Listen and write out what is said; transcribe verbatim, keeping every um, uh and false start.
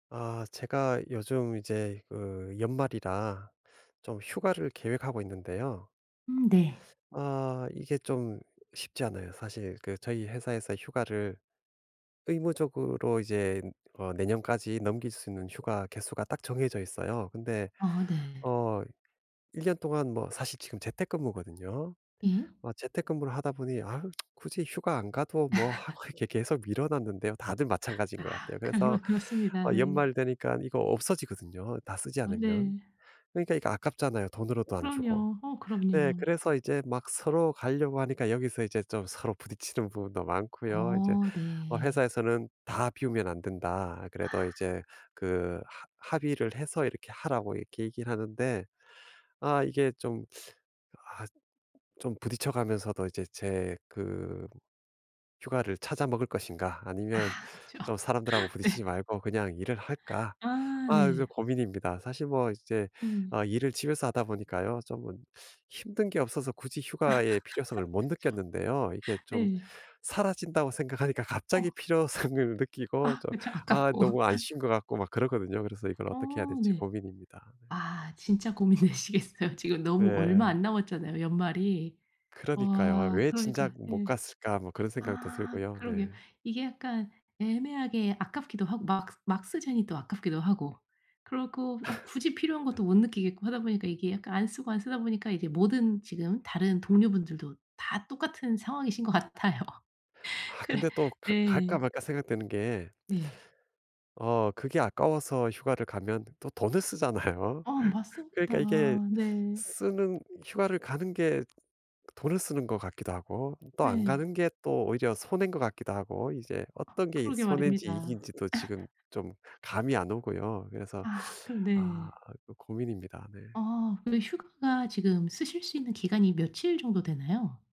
아 제가 요즘 이제 그 연말이라 좀 휴가를 계획하고 있는데요. 음 네. 아 이게 좀 쉽지 않아요 사실. 그 저희 회사에서 휴가를 의무적으로 이제 어 내년까지 넘길 수 있는 휴가 개수가 딱 정해져 있어요. 근데 아 네. 어 일 년 동안 뭐 사실 지금 재택근무거든요. 예. 어 재택근무를 하다 보니 아우 굳이 휴가 안 가도 뭐 하고 해 이렇게 계속 미뤄 놨는데요. 다들 마찬가지인 아. 것 같아요. 그래서 그러 그렇습니다. 아 네. 연말 되니깐 이거 없어지거든요 다 쓰지 아 않으면. 네. 그러니까 이거 아깝잖아요 돈으로도 안 주고. 그럼요. 어 네 그럼요. 그래서 이제 막 서로 가려고 하니까 여기서 이제 좀 서로 부딪히는 부분도 많고요. 이제 어 어 네. 회사에서는 "다 비우면 안 된다." 아 그래도 이제 그 합 합의를 해서 이렇게 하라고 이렇게 얘기를 하는데 아 이게 좀 아 '좀 부딪혀 가면서도 이제 제 그 휴가를 찾아 먹을 것인가? 아 아니면 그쵸. 좀 사람들하고 네. 부딪히지 말고 그냥 일을 할까?' 아 아 네. 요즘 고민입니다. 사실 뭐 이제 음. 어 일을 집에서 하다 보니까요 쪼금은 힘든 게 없어서 굳이 휴가의 필요성을 못 그쵸. 느꼈는데요 이게 좀 네. 사라진다고 생각하니까 갑자기 어. 필요성을 느끼고 아 좀 그쵸. 아 아깝고. 너무 안 쉰 것 같고 막 그렇거든요. 그래서 이걸 어 어떻게 해야 될지 네. 고민입니다 네. 아 진짜 고민되시겠어요. 지금 너무 얼마 네. 안 남았잖아요 연말이. 그러니까요. 아 '왜 그러니까 진작 못 예. 갔을까?' 뭐 그런 생각도 아 들고요 그러게요. 네. 이게 약간 애매하게 아깝기도 하고 막 막 쓰자니 또 아깝기도 하고 그리고 어 굳이 필요한 것도 못 느끼겠고 하다 보니까 이게 약간 안 쓰고 안 쓰다 보니까 이게 모든 지금 다른 동료 분들도 다 똑같은 상황이신 것 같아요. 아 그래 근데 또 가 갈까 네. 말까 생각되는 게 네. 어 그게 아까워서 휴가를 가면 또 돈을 쓰잖아요. 아 맞습니다 그러니까 이게 네. 쓰는 휴가를 가는 게 돈을 쓰는 것 같기도 하고 또 안 네. 가는 게 또 오히려 손해인 것 같기도 하고 이제 아 어떤 게 이 그러게 손해인지 말입니다. 이익지도 지금 좀 감이 안 오고요. 그래서 아 그럼 아 네. 그 고민입니다 네. 아 근데 휴가가 지금 쓰실 수 있는 기간이 며칠 정도 되나요?